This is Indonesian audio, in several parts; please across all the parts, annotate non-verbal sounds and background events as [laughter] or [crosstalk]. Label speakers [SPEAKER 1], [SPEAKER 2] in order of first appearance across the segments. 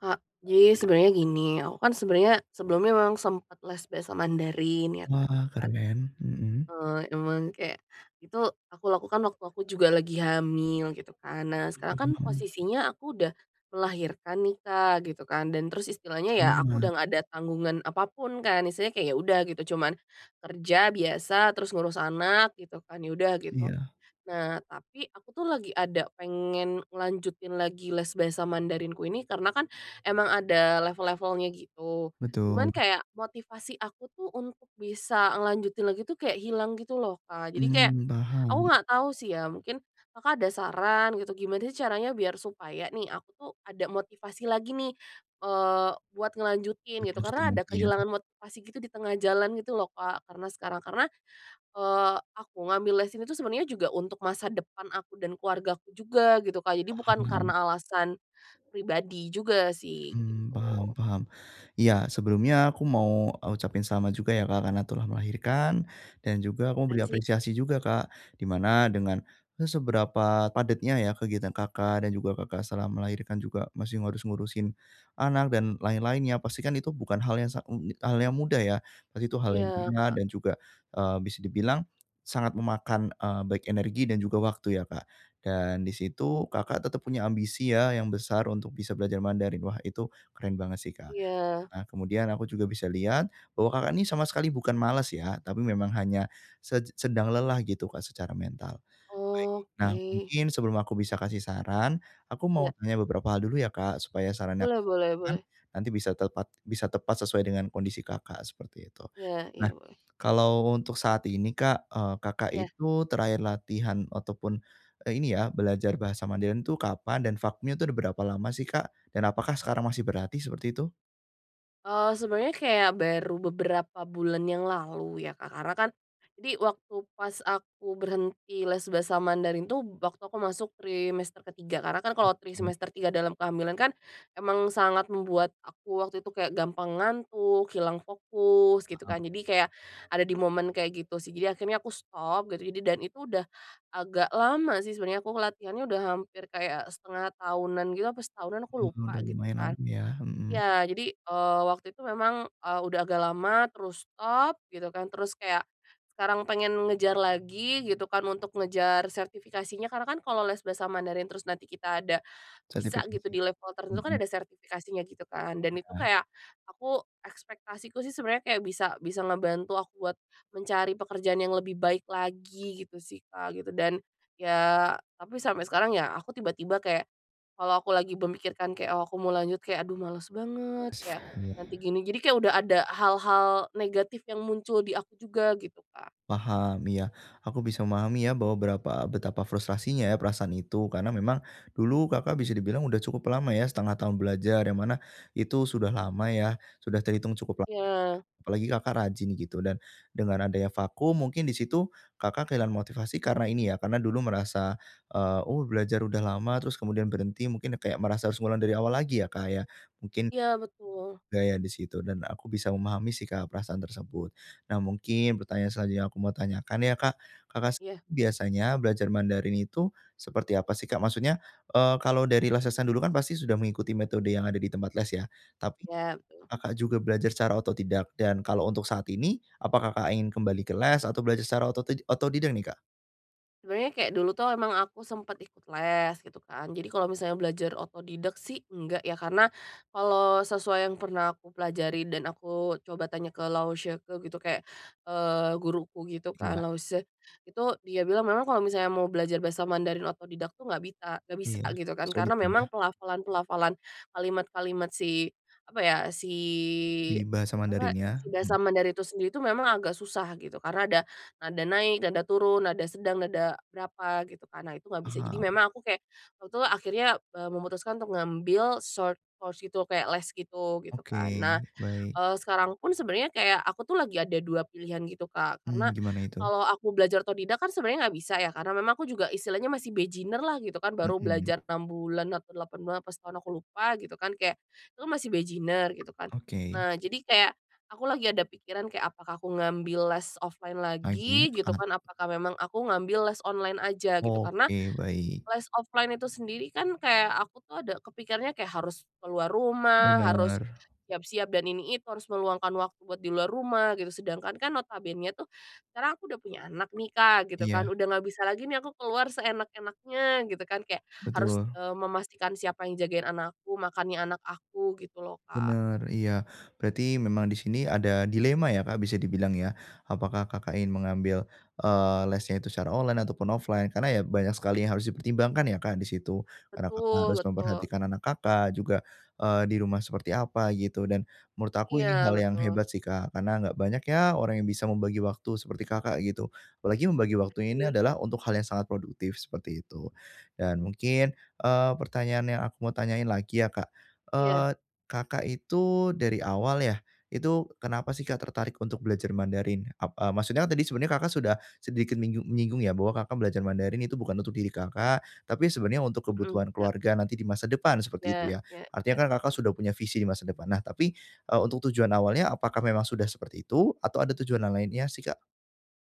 [SPEAKER 1] Kak, jadi sebenarnya gini, aku kan sebenarnya sebelumnya memang sempet les bahasa Mandarin ya Kak,
[SPEAKER 2] Wah
[SPEAKER 1] kan.
[SPEAKER 2] keren, mhm.
[SPEAKER 1] Eee, emang kayak, itu, aku lakukan waktu aku juga lagi hamil, gitu kan. Nah sekarang kan,
[SPEAKER 2] [unintelligible]
[SPEAKER 1] posisinya aku udah melahirkan nih Kak, gitu kan, dan terus istilahnya ya aku
[SPEAKER 2] Selamat.
[SPEAKER 1] udah nggak ada tanggungan apapun kan, istilahnya kek ya udah gitu, cuman, kerja biasa terus ngurus anak gitu kan, ya udah gitu.
[SPEAKER 2] Iya.
[SPEAKER 1] Nah, tapi aku tuh lagi ada pengen ngelanjutin lagi les bahasa Mandarinku ini, karena kan emang ada level-levelnya gitu, cuman
[SPEAKER 2] Betul.
[SPEAKER 1] kayak motivasi aku tuh untuk bisa ngelanjutin lagi tuh kayak hilang gitu loh Kak. Jadi kayak,
[SPEAKER 2] Mmm
[SPEAKER 1] aku
[SPEAKER 2] paham.
[SPEAKER 1] nggak tahu sih ya, mungkin Kakak ada saran gitu gimana sih caranya biar supaya nih, aku tuh ada motivasi lagi nih, eee, buat ngelanjutin,
[SPEAKER 2] Buat
[SPEAKER 1] gitu.
[SPEAKER 2] ngelanjutin
[SPEAKER 1] Karena ada
[SPEAKER 2] berarti ya?
[SPEAKER 1] kehilangan motivasi gitu di tengah jalan gitu loh Kak, karena sekarang karena, eee, aku ngambil les ini tuh sebenarnya juga untuk masa depan aku dan keluargaku juga, gitu Kak, jadi bukan
[SPEAKER 2] Paham.
[SPEAKER 1] karena alasan, pribadi juga sih,
[SPEAKER 2] Mmm, paham
[SPEAKER 1] gitu.
[SPEAKER 2] paham. Iya sebelumnya aku mau, e ucapin selamat juga ya Kak karena telah melahirkan, dan juga aku mau
[SPEAKER 1] I
[SPEAKER 2] beri
[SPEAKER 1] see.
[SPEAKER 2] apresiasi juga Kak, di mana dengan e seberapa padatnya ya kegiatan Kakak, dan juga Kakak setelah melahirkan juga masih harus ngurusin anak dan lain-lainnya, pastikan itu bukan hal yang sang e e hal yang mudah ya, pasti itu hal yang
[SPEAKER 1] Iya,
[SPEAKER 2] berat
[SPEAKER 1] Kak.
[SPEAKER 2] dan juga, eee, bisa dibilang sangat memakan, e baik energi dan juga waktu ya Kak. Dan di situ, Kakak tetap punya ambisi ya yang besar, untuk bisa belajar Mandarin. Wah itu, keren banget sih Kak.
[SPEAKER 1] Iya.
[SPEAKER 2] Nah kemudian aku juga bisa lihat, bahwa Kakak ini sama sekali bukan malas ya, tapi memang hanya se sedang lelah gitu Kak secara mental. Baik, nah
[SPEAKER 1] Oke.
[SPEAKER 2] mungkin sebelum aku bisa kasih saran, aku
[SPEAKER 1] Iya.
[SPEAKER 2] mau tanya beberapa hal dulu ya Kak, supaya sarannya yang
[SPEAKER 1] Boleh
[SPEAKER 2] aku
[SPEAKER 1] boleh
[SPEAKER 2] berikan,
[SPEAKER 1] boleh.
[SPEAKER 2] nanti bisa tepat bisa tepat sesuai dengan kondisi Kakak, seperti itu.
[SPEAKER 1] Iya iya
[SPEAKER 2] Nah,
[SPEAKER 1] boleh.
[SPEAKER 2] kalau untuk saat ini Kak, e Kakak
[SPEAKER 1] Iya.
[SPEAKER 2] itu terakhir latihan atau pun, e ini ya, belajar bahasa Mandarin itu kapan, dan vakumnya itu ada berapa lama sih Kak, dan apakah sekarang masih berlatih seperti itu?
[SPEAKER 1] Eee, sebenarnya kayak baru beberapa bulan yang lalu ya Kak, karena kan jadi waktu pas aku berhenti les bahasa Mandarin tuh, waktu aku masuk trimester ke-3 karena kan kalau tri
[SPEAKER 2] Oke.
[SPEAKER 1] semester 3 dalam kehamilan kan, emang sangat membuat aku waktu itu kayak gampang ngantuk, hilang fokus, gitu
[SPEAKER 2] Paham.
[SPEAKER 1] kan, jadi kayak, ada di momen kayak gitu sih. Jadi akhirnya aku stop, dan ini, dan itu, udah agak lama sih sebenarnya aku ngelatihannya udah hampir kayak setengah tahunan gitu, apa setahunan, aku
[SPEAKER 2] Oh
[SPEAKER 1] lupa
[SPEAKER 2] udah
[SPEAKER 1] gitu
[SPEAKER 2] lumayan
[SPEAKER 1] kan.
[SPEAKER 2] lama ya, mhm.
[SPEAKER 1] Ya, jadi, eee, waktu itu memang, e udah agak lama, terus stop gitu kan, terus kayak, sekarang pengen ngejar lagi gitu kan, untuk ngejar sertifikasinya, karena kan kalau les bahasa Mandarin terus nanti kita ada, bisa gitu
[SPEAKER 2] Sertifikasi?
[SPEAKER 1] di level tertentu, kan
[SPEAKER 2] Hmm.
[SPEAKER 1] ada sertifikasinya gitu kan. Dan itu
[SPEAKER 2] Iya.
[SPEAKER 1] kayak, aku ekspektasiku sih sebenarnya kayak bisa bisa ngebantu aku buat mencari pekerjaan yang lebih baik lagi, gitu sih Kak, gitu dan, ya, tapi sampai sekarang ya, aku tiba-tiba kayak, kalau aku lagi memikirkan kayak, "Oh aku mau lanjut, kayak aduh males banget." kayak, nanti
[SPEAKER 2] [unintelligible]
[SPEAKER 1] gini-gini. Kayak udah ada hal-hal negatif yang muncul di aku juga, gitu Kak.
[SPEAKER 2] Paham, iya, aku bisa memahami ya bahwa berapa betapa frustrasinya ya perasaan itu, karena memang dulu Kakak bisa dibilang udah cukup lama ya setengah tahun belajar, yang mana itu sudah lama ya, sudah terhitung cukup la
[SPEAKER 1] Iya.
[SPEAKER 2] apalagi Kakak rajin gitu, dan dengan adanya vakum mungkin di situ, Kakak kehilangan motivasi karena ini ya, karena dulu merasa e oh belajar udah lama, terus kemudian berhenti, mungkin ya kayak merasa harus ngulang dari awal lagi ya Kak ya? Mungkin
[SPEAKER 1] Iya betul.
[SPEAKER 2] gaya di situ dan aku bisa memahami sih Kak perasaan tersebut. Nah mungkin, pertanyaan selanjutnya yang aku mau tanyakan ya Kak, Kakak s
[SPEAKER 1] Iya.
[SPEAKER 2] biasanya belajar Mandarin itu, seperti apa sih Kak? Maksudnya, e kalau dari les-lesan dulu kan pasti sudah mengikuti metode yang ada di tempat les ya, tapi
[SPEAKER 1] Iya betul.
[SPEAKER 2] Kakak juga belajar secara otodidak, dan kalau untuk saat ini, apakah Kakak ingin kembali ke les, atau belajar secara ototid otodidak nih Kak?
[SPEAKER 1] Sebenarnya kayak dulu tuh emang aku sempet ikut les, gitu kan. Jadi kalau misalnya belajar otodidak sih enggak ya, karena, kalau sesuai yang pernah aku pelajari dan aku coba tanya ke laoshi ke gitu kayak, eee, guruku gitu kan,
[SPEAKER 2] Iya.
[SPEAKER 1] laoshi, itu, dia bilang memang kalau misalnya mau belajar bahasa Mandarin otodidak tuh nggak bisa nggak bisa
[SPEAKER 2] Iya,
[SPEAKER 1] gitu kan,
[SPEAKER 2] sulit
[SPEAKER 1] karena memang
[SPEAKER 2] ya?
[SPEAKER 1] pelafalan-pelafalan, kalimat-kalimat si apa ya, si
[SPEAKER 2] Di bahasa
[SPEAKER 1] apa,
[SPEAKER 2] Mandarinnya?
[SPEAKER 1] si bahasa
[SPEAKER 2] Hmm.
[SPEAKER 1] Mandarin itu sendiri itu memang agak susah, gitu. Karena ada nada naik, nada turun, nada sedang, nada berapa gitu kan, nah itu nggak bisa. Jadi
[SPEAKER 2] Paham.
[SPEAKER 1] memang aku kayak, waktu itu akhirnya, e memutuskan untuk ngambil short course itu, kayak les gitu, gitu kan.
[SPEAKER 2] Oke,
[SPEAKER 1] Nah,
[SPEAKER 2] baik.
[SPEAKER 1] eee, sekarang pun sebenarnya kayak aku tuh lagi ada 2 pilihan gitu Kak,
[SPEAKER 2] Hmm
[SPEAKER 1] karena
[SPEAKER 2] gimana itu?
[SPEAKER 1] kalau aku belajar otodidak kan sebenarnya nggak bisa ya, karena memang aku juga istilahnya masih beginner lah gitu kan, baru
[SPEAKER 2] Hmm.
[SPEAKER 1] belajar 6 bulan, apa 8 bulan apa setahun, aku lupa, gitu kan, kayak, "Lo masih beginner gitu kan."
[SPEAKER 2] Oke.
[SPEAKER 1] Nah, jadi kayak, aku lagi ada pikiran kayak apakah aku ngambil les offline
[SPEAKER 2] Pagi
[SPEAKER 1] lagi, gitu
[SPEAKER 2] at
[SPEAKER 1] kan, apakah memang aku ngambil les online aja, gitu. Karena,
[SPEAKER 2] oke baik.
[SPEAKER 1] les offline itu sendiri kan kayak aku tuh ada kepikirnya kayak harus keluar rumah, harus,
[SPEAKER 2] Benar.
[SPEAKER 1] siap-siap dan ini itu, harus meluangkan waktu buat di luar rumah gitu, sedangkan kan notabenenya tuh, sekarang aku udah punya anak nih Kak, gitu
[SPEAKER 2] Iya.
[SPEAKER 1] kan, udah nggak bisa lagi nih aku keluar seenak-enaknya gitu kan, kayak harus,
[SPEAKER 2] Betul.
[SPEAKER 1] eee, memastikan siapa yang jagain anakku, makannya anak aku, gitu loh Kak.
[SPEAKER 2] Benar, iya, berarti memang di sini ada dilema ya Kak bisa dibilang ya, apakah Kakak ingin mengambil, eee, lesnya itu secara online ataupun offline karena ya banyak sekali yang harus dipertimbangkan ya Kak di situ, karena Kakak
[SPEAKER 1] Betul
[SPEAKER 2] harus
[SPEAKER 1] betul.
[SPEAKER 2] memperhatikan anak Kakak, juga e di rumah seperti apa gitu dan, menurut aku ini
[SPEAKER 1] Iya,
[SPEAKER 2] hal yang
[SPEAKER 1] betul.
[SPEAKER 2] hebat sih Kak, karena nggak banyak ya orang yang bisa membagi waktu seperti Kakak gitu, apalagi membagi waktunya ini
[SPEAKER 1] Makasih.
[SPEAKER 2] adalah untuk hal yang sangat produktif, seperti itu. Dan mungkin, eee, pertanyaan yang aku mau tanyain lagi ya Kak.
[SPEAKER 1] Iya.
[SPEAKER 2] Eee, Kakak itu, dari awal ya, itu kenapa sih Kak tertarik untuk belajar Mandarin ap a maksudnya kan tadi sebenarnya Kakak sudah, sedikit minyu nyinggung ya bahwa Kakak belajar Mandarin itu bukan untuk diri Kakak, tapi sebenarnya untuk
[SPEAKER 1] Hmm
[SPEAKER 2] kebutuhan
[SPEAKER 1] iya.
[SPEAKER 2] keluarga nanti di masa depan, seperti itu
[SPEAKER 1] Iya
[SPEAKER 2] ya?
[SPEAKER 1] ya
[SPEAKER 2] Artinya
[SPEAKER 1] ya,
[SPEAKER 2] kan Kakak
[SPEAKER 1] betul.
[SPEAKER 2] sudah punya visi di masa depan. Nah tapi, e untuk tujuan awalnya apakah memang sudah seperti itu, atau ada tujuan yang lainnya sih Kak?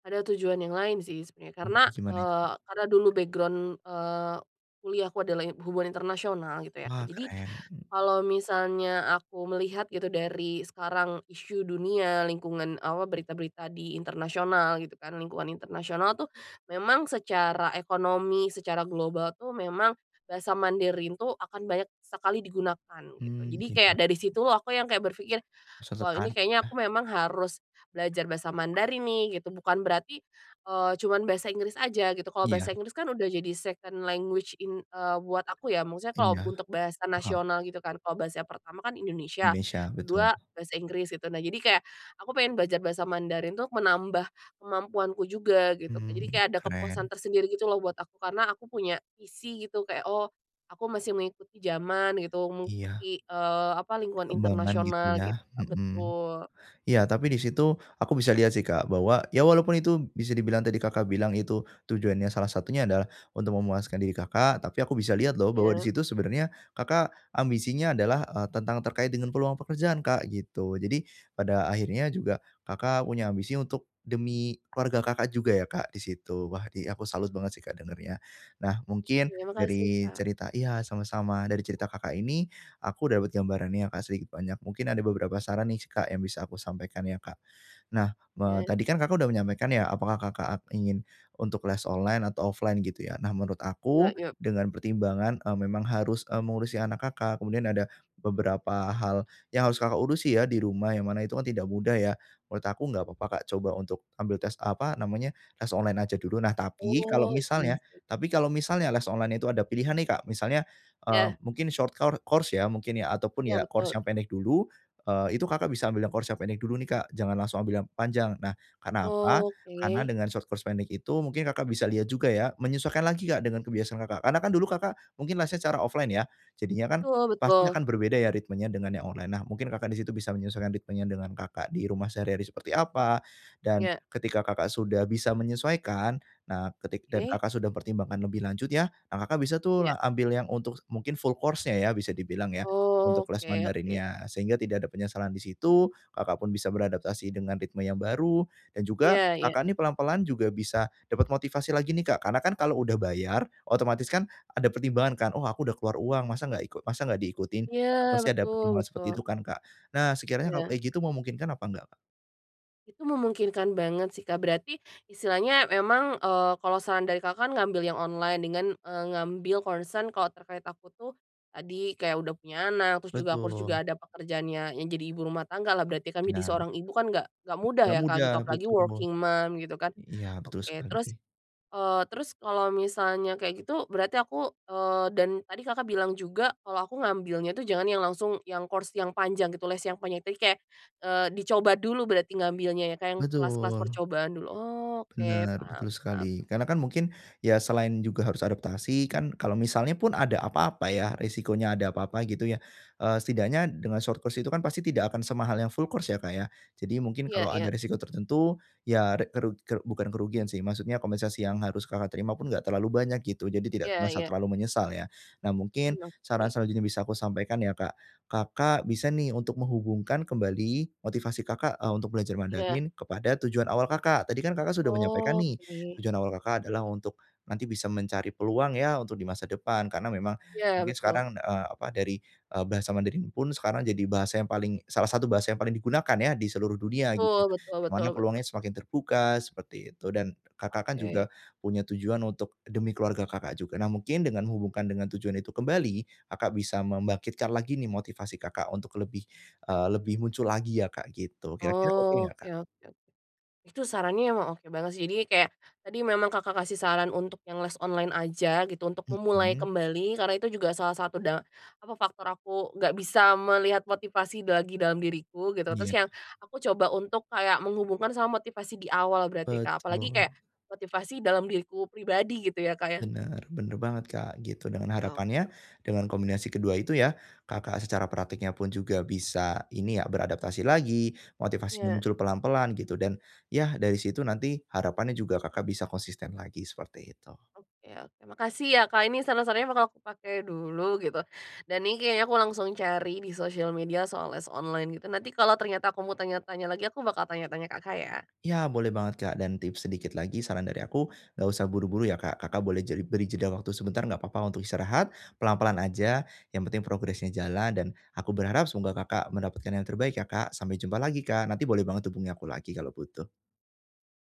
[SPEAKER 1] Ada tujuan yang lain sih sebenarnya,
[SPEAKER 2] Oh,
[SPEAKER 1] karena,
[SPEAKER 2] cuman itu.
[SPEAKER 1] eee, karena dulu background eee, kuliahku adalah in hubungan internasional gitu ya Kak,
[SPEAKER 2] Wah
[SPEAKER 1] jadi,
[SPEAKER 2] keren, hmm.
[SPEAKER 1] kalau misalnya aku melihat gitu dari sekarang isu dunia, lingkungan awa berita-berita di internasional gitu kan, lingkungan internasional tuh, memang secara ekonomi, secara global tuh memang, bahasa Mandarin tuh akan banyak sekali digunakan, gitu.
[SPEAKER 2] Mmm
[SPEAKER 1] Jadi
[SPEAKER 2] iya.
[SPEAKER 1] kayak dari situ aku yang kayak berpikir,
[SPEAKER 2] Susah
[SPEAKER 1] "Wow ini
[SPEAKER 2] tertarik
[SPEAKER 1] kayaknya aku
[SPEAKER 2] ya?
[SPEAKER 1] memang harus belajar bahasa Mandarin nih." gitu. Bukan berarti, eee, cuman bahasa Inggris aja gitu, kalau bahasa
[SPEAKER 2] Iya.
[SPEAKER 1] Inggris kan udah jadi second language eng buat aku ya, maksudnya kalau
[SPEAKER 2] Iya.
[SPEAKER 1] untuk bahasa
[SPEAKER 2] Paham.
[SPEAKER 1] nasional gitu kan, kalau bahasa pertama kan Indonesia,
[SPEAKER 2] Nesya betul.
[SPEAKER 1] ke-2 bahasa Inggris, gitu. Nah jadi kayak, aku pengen belajar bahasa Mandarin tuk menambah kemampuanku juga, gitu Kak. Jadi
[SPEAKER 2] Mmm
[SPEAKER 1] kayak ada kepuasan
[SPEAKER 2] keren.
[SPEAKER 1] tersendiri gitu loh buat aku, karena aku punya visi gitu kayak, oh, aku masih mengikuti zaman gitu,
[SPEAKER 2] Iya.
[SPEAKER 1] mengikuti, eee, apa lingkungan
[SPEAKER 2] Perkembangan gitu
[SPEAKER 1] internasional gitu,
[SPEAKER 2] ya,
[SPEAKER 1] Kak.
[SPEAKER 2] hmm.
[SPEAKER 1] Betul.
[SPEAKER 2] Iya tapi di situ aku bisa lihat sih Kak, bahwa ya walaupun itu bisa dibilang tadi Kakak bilang itu, tujuannya salah satunya adalah, untuk memuaskan diri Kakak, tapi aku bisa lihat loh bahwa di
[SPEAKER 1] Iya.
[SPEAKER 2] situ sebenarnya, Kakak ambisinya adalah e tentang terkait dengan peluang pekerjaan Kak, gitu. Jadi, pada akhirnya juga, Kakak punya ambisi untuk, demi keluarga Kakak juga ya Kak di situ, wah di aku salut banget sih Kak dengarnya. Nah, mungkin,
[SPEAKER 1] Iya makasih
[SPEAKER 2] dari
[SPEAKER 1] Kak.
[SPEAKER 2] cerita iya sama-sama, dari cerita Kakak ini, aku dapat gambarannya ya Kak sedikit banyak, mungkin ada beberapa saran nih Kak yang bisa aku sampaikan ya Kak. Nah,
[SPEAKER 1] Ya.
[SPEAKER 2] me tadi kan Kakak sudah menyampaikan ya, apakah Kakak a ingin untuk les online atau offline gitu ya, nah menurut
[SPEAKER 1] Yuk
[SPEAKER 2] aku,
[SPEAKER 1] yuk.
[SPEAKER 2] dengan pertimbangan, e memang harus, e mengurusi anak Kakak, kemudian ada beberapa hal, yang harus Kakak urusi ya di rumah, yang mana itu kan tidak mudah ya, menurut aku nggak apa-apa Kak coba untuk ambil tes apa, namanya, tes online aja dulu, nah tapi kalau
[SPEAKER 1] Oh, iya
[SPEAKER 2] misalnya
[SPEAKER 1] sih.
[SPEAKER 2] tapi kalau misalnya les online itu ada pilihan nih Kak, misalnya, e
[SPEAKER 1] Iya.
[SPEAKER 2] mungkin short kor course ya mungkin ya ataupun
[SPEAKER 1] Iya
[SPEAKER 2] ya course
[SPEAKER 1] betul.
[SPEAKER 2] yang pendek dulu, eee, itu Kakak bisa ambil yang course yang pendek dulu nih Kak, jangan langsung ambil yang panjang. Nah, karena apa?
[SPEAKER 1] Oh
[SPEAKER 2] Karena
[SPEAKER 1] oke.
[SPEAKER 2] dengan short course pendek itu mungkin Kakak bisa lihat juga ya, menyesuaikan lagi Kak, dengan kebiasaan Kakak. Karena kan dulu Kakak mungkin lesnya cara offline ya, jadinya kan,
[SPEAKER 1] Betul
[SPEAKER 2] pasti
[SPEAKER 1] betul.
[SPEAKER 2] akan berbeda ya ritmenya dengan yang online, nah mungkin Kakak di situ bisa menyesuaikan ritmenya dengan Kakak di rumah sehari-hari seperti apa, dan,
[SPEAKER 1] Iya.
[SPEAKER 2] ketika Kakak sudah bisa menyesuaikan, nah ketik dan
[SPEAKER 1] Oke.
[SPEAKER 2] Kakak sudah pertimbangkan lebih lanjut ya, ah Kakak bisa tuh
[SPEAKER 1] Iya.
[SPEAKER 2] la ambil yang untuk mungkin full course -nya ya, bisa dibilang ya,
[SPEAKER 1] Oh,
[SPEAKER 2] untuk kelas
[SPEAKER 1] oke oke.
[SPEAKER 2] Mandarinnya, sehingga tidak ada penyesalan di situ, Kakak pun bisa beradaptasi dengan ritme yang baru, dan juga
[SPEAKER 1] Iya iya.
[SPEAKER 2] Kakak nih pelan-pelan juga bisa, dapat motivasi lagi nih Kak, karena kan kalau udah bayar, otomatis kan ada pertimbangan kan, "Oh aku udah keluar uang, masa nggak iku masa nggak diikutin?"
[SPEAKER 1] Iya,
[SPEAKER 2] pasti ada
[SPEAKER 1] betul
[SPEAKER 2] pertimbangan seperti
[SPEAKER 1] betul.
[SPEAKER 2] itu kan Kak. Nah, sekiranya kalau
[SPEAKER 1] Iya.
[SPEAKER 2] kayak gitu memungkinkan apa enggak Kak?
[SPEAKER 1] Itu memungkinkan banget sih Kak, berarti, istilahnya memang, eee, kalau saran dari Kakak kan ngambil yang online dengan, eee, ngambil concern kalau terkait aku tuh, tadi kayak udah punya anak, terus juga ku harus juga
[SPEAKER 2] Betul.
[SPEAKER 1] ada pekerjaannya, yang jadi ibu rumah tangga lah berarti jadi
[SPEAKER 2] Benar.
[SPEAKER 1] seorang ibu kan nggak nggak mudah
[SPEAKER 2] Nggak
[SPEAKER 1] ya Kak,
[SPEAKER 2] mudah,
[SPEAKER 1] gitu. Apalagi
[SPEAKER 2] betul.
[SPEAKER 1] working mom gitu kan.
[SPEAKER 2] Iya, betul
[SPEAKER 1] Oke, terus,
[SPEAKER 2] sekali.
[SPEAKER 1] eee, terus kalau misalnya kayak gitu, berarti aku, eee, dan, tadi Kakak bilang juga, kalau aku ngambilnya itu jangan yang langsung yang course yang panjang gitu, les yang panjang tapi kayak, eee, dicoba dulu berarti ngambilnya ya Kak, yang kelas-kelas
[SPEAKER 2] Betul.
[SPEAKER 1] percobaan dulu, oke,
[SPEAKER 2] Benar,
[SPEAKER 1] paham
[SPEAKER 2] betul
[SPEAKER 1] paham.
[SPEAKER 2] sekali, karena kan mungkin, ya selain juga harus adaptasi, kan kalau misalnya pun ada apa-apa ya, resikonya ada apa-apa gitu ya, eee, setidaknya dengan short course itu kan pasti tidak akan semahal yang full course ya Kak ya. Jadi mungkin
[SPEAKER 1] Iya
[SPEAKER 2] kalau ada
[SPEAKER 1] iya.
[SPEAKER 2] resiko tertentu ya re keru keru bukan kerugian sih maksudnya kompensasi yang harus Kakak terima pun enggak terlalu banyak gitu, jadi tidak
[SPEAKER 1] Iya
[SPEAKER 2] merasa
[SPEAKER 1] iya.
[SPEAKER 2] terlalu menyesal ya. Nah mungkin,
[SPEAKER 1] Hmm oke.
[SPEAKER 2] saran selanjutnya bisa aku sampaikan ya Kak, Kakak bisa nih untuk menghubungkan kembali motivasi Kakak, e untuk belajar
[SPEAKER 1] Iya.
[SPEAKER 2] Mandarin kepada tujuan awal Kakak, tadi kan Kakak sudah menyampaikan nih
[SPEAKER 1] Oke.
[SPEAKER 2] tujuan awal Kakak adalah untuk nanti bisa mencari peluang ya, untuk di masa depan, karena memang
[SPEAKER 1] Iya
[SPEAKER 2] mungkin
[SPEAKER 1] betul.
[SPEAKER 2] sekarang, e apa, dari, e bahasa Mandarin pun sekarang jadi bahasa yang paling salah satu bahasa yang paling digunakan ya, di seluruh dunia gitu.
[SPEAKER 1] Betul betul
[SPEAKER 2] Di
[SPEAKER 1] betul
[SPEAKER 2] mana
[SPEAKER 1] betul.
[SPEAKER 2] peluangnya semakin terbuka, seperti itu. Dan, Kakak kan juga
[SPEAKER 1] Oke.
[SPEAKER 2] punya tujuan untuk, demi keluarga Kakak juga. Nah mungkin, dengan hubungkan dengan tujuan itu kembali, Kakak bisa membangkitkan lagi nih motivasi Kakak untuk lebih, eee, lebih muncul lagi ya Kak gitu, kira-kira oke nggak
[SPEAKER 1] Oke
[SPEAKER 2] Kak?
[SPEAKER 1] oke. Itu sarannya emang oke banget sih, jadi kayak, tadi memang Kakak kasih saran untuk yang les online aja gitu, untuk memulai
[SPEAKER 2] Hmm.
[SPEAKER 1] kembali, karena itu juga salah satu da apa faktor aku nggak bisa melihat motivasi bagi dalam diriku, gitu terus
[SPEAKER 2] Iya.
[SPEAKER 1] yang, aku coba untuk kayak menghubungkan sama motivasi di awal berarti Kak, apalagi
[SPEAKER 2] Betul.
[SPEAKER 1] kayak, motivasi dalam diriku pribadi gitu ya Kak ya?
[SPEAKER 2] Benar, benar banget Kak, gitu. Dengan
[SPEAKER 1] Oke
[SPEAKER 2] harapannya
[SPEAKER 1] oke.
[SPEAKER 2] dengan kombinasi kedua itu ya, Kakak secara prakteknya pun juga bisa, ini ya beradaptasi lagi, motivasinya
[SPEAKER 1] Iya.
[SPEAKER 2] muncul pelan-pelan gitu, dan, ya dari situ nanti, harapannya juga Kakak bisa konsisten lagi, seperti itu.
[SPEAKER 1] Oke oke, makasih ya Kak ini saran-sarannya bakal aku pake dulu, gitu. Dan ini kayaknya aku langsung cari di sosial media soal les online gitu, nanti kalo ternyata aku mau tanya-tanya lagi aku bakal tanya-tanya Kakak ya.
[SPEAKER 2] Ya boleh banget Kak, dan tips sedikit lagi saran dari aku, nggak usah buru-buru ya Kak, Kakak boleh jeli beri jeda waktu sebentar, nggak apa-apa untuk istirahat. Pelan-pelan aja, yang penting progresnya jalan dan, aku berharap semoga Kakak mendapatkan yang terbaik ya Kak, sampai jumpa lagi Kak. Nanti boleh banget hubungi aku lagi kalau butuh.